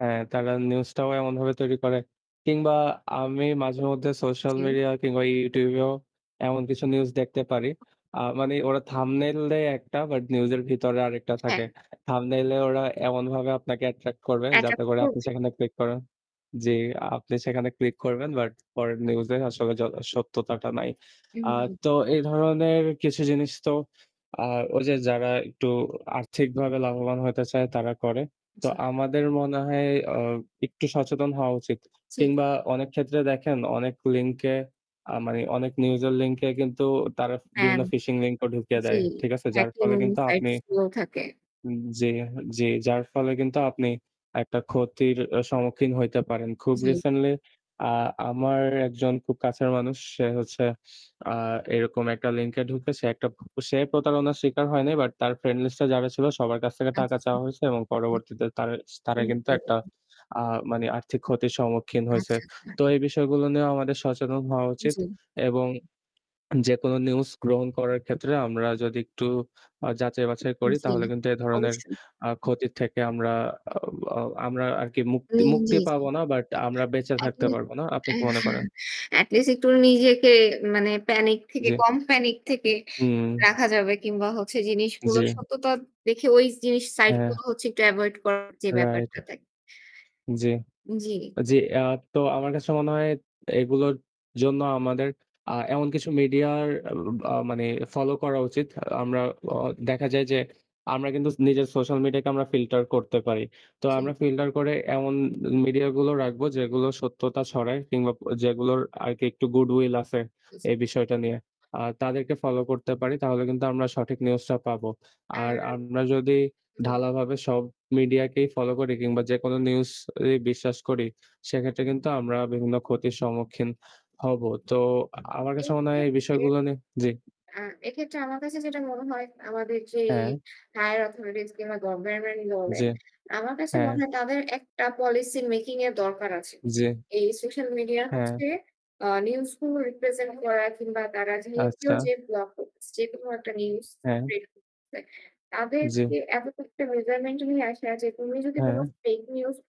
হ্যাঁ, তারা নিউজটাও এমনভাবে তৈরি করে। কিংবা আমি মাঝেমধ্যে সোশ্যাল জী। মিডিয়া কিংবা Youtube এও এমন কিছু নিউজ দেখতে পারি। আ মানে ওরা thumbnail দেয় একটা বাট নিউজ এর ভিতরে আরেকটা থাকে। হ্যাঁ। thumbnail এ ওরা এমনভাবে আপনাকে অ্যাট্রাক্ট করবে যাতে adapt করে আপনি করবেই। সেখানে ক্লিক করেন জি, আপনি সেখানে ক্লিক করবেন বাট পরের নিউজের আসলে জ সত্যতাটা নাই। উম আ হুম, হুম। তো এই ধরনের কিছু জিনিস তো আ ওই যে যারা একটু আর্থিকভাবে লাভবান হতে চায় তারা করে। তো জী। আমাদের মনে হয় অ একটু সচেতন হওয়া উচিত। জি। কিংবা অনেক ক্ষেত্রে দেখেন অনেক লিঙ্কে, আ মানে অনেক নিউজ এর লিঙ্ক এ কিন্তু তারা হ্যাঁ। বিভিন্ন ফিশিং লিঙ্কও ঢুকিয়ে জি, দেয়। ঠিক আছে? যার হ্যাকিং ফলে কিন্তু আপনি সাইটস গুলো থাকে। উম জ্বি, জ্বি। যার ফলে কিন্তু আপনি একটা ক্ষতির অ সম্মুখীন হইতে পারেন। খুব জি। রিসেন্টলি আ আমার একজন খুব কাছের মানুষ সে হচ্ছে আ এরকম একটা লিঙ্কে ঢুকে সে একটা প সে প্রতারণার শিকার হয় নাই, বাট তার ফ্রেন্ডলিস্ট এ যারা ছিল সবার কাছ থেকে আচ্ছা, টাকা আচ্ছা। চাওয়া হয়েছে এবং হুম। পরবর্তীতে তার তারা হুম, কিন্তু হুম, একটা হুম। আ মানে আর্থিক ক্ষতির সম্মুখীন হইছে। আচ্ছা, আচ্ছা। তো এই বিষয়গুলো নিয়েও আমাদের সচেতন হওয়া উচিত। জী। এবং যেকোনো নিউজ গ্রহণ করার ক্ষেত্রে আমরা যদি একটু আ যাচাই বাচাই করি জ্বি, তাহলে কিন্তু এ ধরনের অবশ্যই। আ ক্ষতি থেকে আমরা অ অ আমরা আরকি মুক্তি উম মুক্তি জ্বী, জ্বী। পাবো না। বাট আমরা বেঁচে থাকতে এটলিস্ট পারবো না। আপনি কি মনে করেন? এটলিস্ট একটু নিজেকে মানে প্যানিক থেকে জি। কম প্যানিক থেকে হুম। রাখা যাবে কিংবা হচ্ছে জিনিসগুলো জ্বী। সত্যতা দেখে ওই জিনিস সাইড হ্যাঁ। গুলো হচ্ছে একটু এভয়েড করার যে রাইট। ব্যাপারটা থাকে। জ্বী, জ্বী। জ্বী। আ তো আমার কাছে মনে হয় এগুলোর জন্য আমাদের আ এমন কিছু মিডিয়ার আ মানে ফলো করা উচিত। আমরা অ দেখা যায় যে আমরা কিন্তু নিজের সোশ্যাল মিডিয়া কে আমরা ফিল্টার করতে পারি। তো জী। আমরা ফিল্টার করে এমন মিডিয়া গুলো রাখবো যেগুলো সত্যতা ছড়ায় কিংবা যেগুলোর আরকি একটু গুড উইল আছে আচ্ছা। এই বিষয়টা নিয়ে। আ তাদেরকে ফলো করতে পারি তাহলে কিন্তু আমরা সঠিক নিউজ টা পাবো। আর আর আমরা যদি জি। ঢালাভাবে সব মিডিয়াকেই ফলো করি কিংবা যেকোনো নিউজ এই বিশ্বাস করি সেক্ষেত্রে কিন্তু আমরা বিভিন্ন ক্ষতির সম্মুখীন হবো। তো আমার কাছে এই মনে হয় এই ক্ষেত্রে বিষয়গুলো নিয়ে জি। আ এক্ষেত্রে আমার কাছে যেটা মনে হয় আমাদের যেই হ্যাঁ। হায়ার অথরিটিস কিংবা গভর্নমেন্ট এরই বলেন, জি। আমার কাছে হ্যাঁ। মনে হয় তাদের একটা পলিসি মেকিং এর দরকার আছে। জি। এই সোশ্যাল মিডিয়া হচ্ছে হ্যাঁ। আ নিউজ গুলো রিপ্রেজেন্ট করা কিংবা তারা যেহেতু আচ্ছা। যে ব্লগ যেকোনো একটা নিউজ হ্যাঁ। বের করতেসে, জ্বী। তাদেরকে এত একটা মেজারমেন্ট নিয়ে আসা যে, "তুমি যদি কোনো হ্যাঁ। Fake news"